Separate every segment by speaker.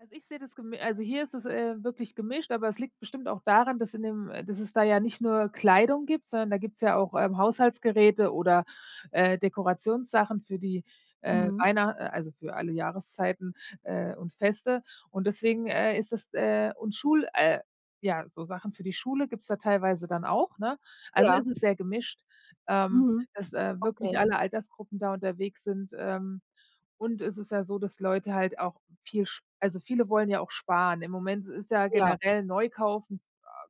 Speaker 1: Also, ich sehe das gemi Also hier ist es, äh, wirklich, gemischt, aber es liegt bestimmt auch daran, dass in dem äh, dass es da ja nicht nur Kleidung gibt, sondern da gibt's ja auch, ähm, Haushaltsgeräte oder, äh, Dekorationssachen für die, äh,
Speaker 2: Mhm.
Speaker 1: einer äh, also, für alle Jahreszeiten, äh, und Feste und deswegen, äh, ist es, äh und Schul, äh ja, so Sachen für die Schule gibt's da teilweise dann auch, ne? Also,
Speaker 2: Ja.
Speaker 1: es ist sehr gemischt, ähm,
Speaker 2: Mhm.
Speaker 1: dass, äh, wirklich
Speaker 2: Okay.
Speaker 1: alle Altersgruppen da unterwegs sind. Ähm, und es ist ja so, dass Leute halt auch viel sp also, viele wollen ja auch sparen. Im Moment ist ja
Speaker 2: Ja.
Speaker 1: generell neu kaufen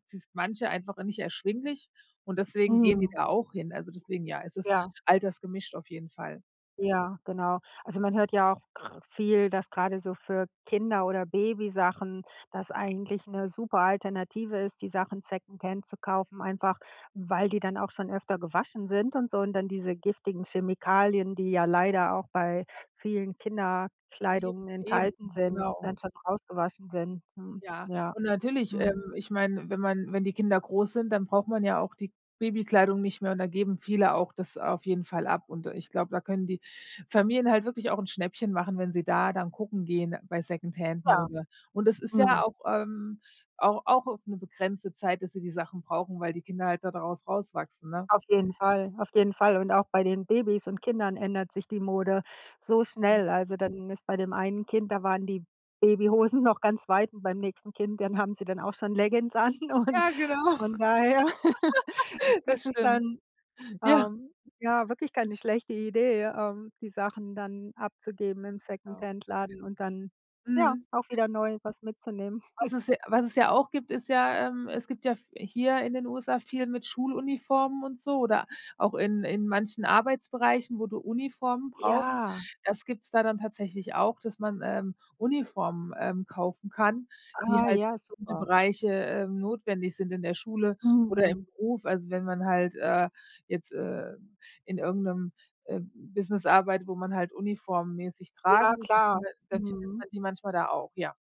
Speaker 1: für manche einfach nicht erschwinglich und deswegen gehen die
Speaker 2: Mhm.
Speaker 1: da auch hin. Also deswegen, ja, es ist
Speaker 2: Ja.
Speaker 1: altersgemischt auf jeden Fall.
Speaker 2: Ja, genau. Also man hört ja auch kr viel, dass grade so für Kinder oder Babysachen das eigentlich 'ne super Alternative ist, die Sachen Secondhand zu kaufen, einfach weil die dann auch schon öfter gewaschen sind und so. Und dann diese giftigen Chemikalien, die ja leider auch bei
Speaker 1: Ja.
Speaker 2: vielen
Speaker 1: Eben.
Speaker 2: Kinderkleidung
Speaker 1: Eben,
Speaker 2: enthalten sind,
Speaker 1: genau.
Speaker 2: dann schon rausgewaschen sind, ne?
Speaker 1: Ja,
Speaker 2: Ja.
Speaker 1: und natürlich, ähm,
Speaker 2: Mhm.
Speaker 1: ich meine, wenn man wenn die Kinder groß sind, dann braucht man ja auch die Babykleidung nicht mehr und da geben viele auch das auf jeden Fall ab. Und ich glaube, da können die Familien halt wirklich auch 'n Schnäppchen machen, wenn sie da dann gucken gehen bei
Speaker 2: Ja.
Speaker 1: Secondhand-Mode. Und das ist ja
Speaker 2: Mhm.
Speaker 1: auch, ähm, au auch für 'ne begrenzte Zeit, dass sie die Sachen brauchen, weil die Kinder halt da daraus rauswachsen, ne?
Speaker 2: Auf jeden Fall, auf jeden Fall. Und auch bei den Babys und Kindern ändert sich die Mode so
Speaker 1: Mhm.
Speaker 2: schnell. Also dann ist bei dem einen Kind da waren die Babyhosen noch ganz weit und beim nächsten Kind, dann haben sie dann auch schon Leggins an. Und
Speaker 1: Ja, genau.
Speaker 2: von daher
Speaker 1: Das
Speaker 2: ist es
Speaker 1: stimmt.
Speaker 2: dann,
Speaker 1: Ja.
Speaker 2: ähm, ja wirklich keine schlechte Idee, ähm, die Sachen dann abzugeben im
Speaker 1: Genau.
Speaker 2: Secondhand-Laden und dann, ja,
Speaker 1: Mhm.
Speaker 2: auch wieder neu was mitzunehmen.
Speaker 1: Was es ja was es ja auch gibt, ist ja, ähm es gibt ja f hier in den USA viel mit Schuluniformen und so oder auch in in manchen Arbeitsbereichen, wo du Uniformen brauchst.
Speaker 2: Ja!
Speaker 1: Das gibt es da dann tatsächlich auch, dass man, ähm, Uniformen, ähm, kaufen kann, die
Speaker 2: Ah,
Speaker 1: halt für
Speaker 2: ja,
Speaker 1: viele
Speaker 2: super.
Speaker 1: Bereiche, ähm, notwendig sind. In der Schule oder im
Speaker 2: Mhm.
Speaker 1: Beruf. Also wenn man halt, äh, jetzt, äh, in irgend 'nem, ähm, Business arbeitet, wo man halt uniformmäßig tragen
Speaker 2: Ja,
Speaker 1: muss, dann
Speaker 2: klar.
Speaker 1: findet dann findet
Speaker 2: Mhm.
Speaker 1: man die manchmal da auch, ja.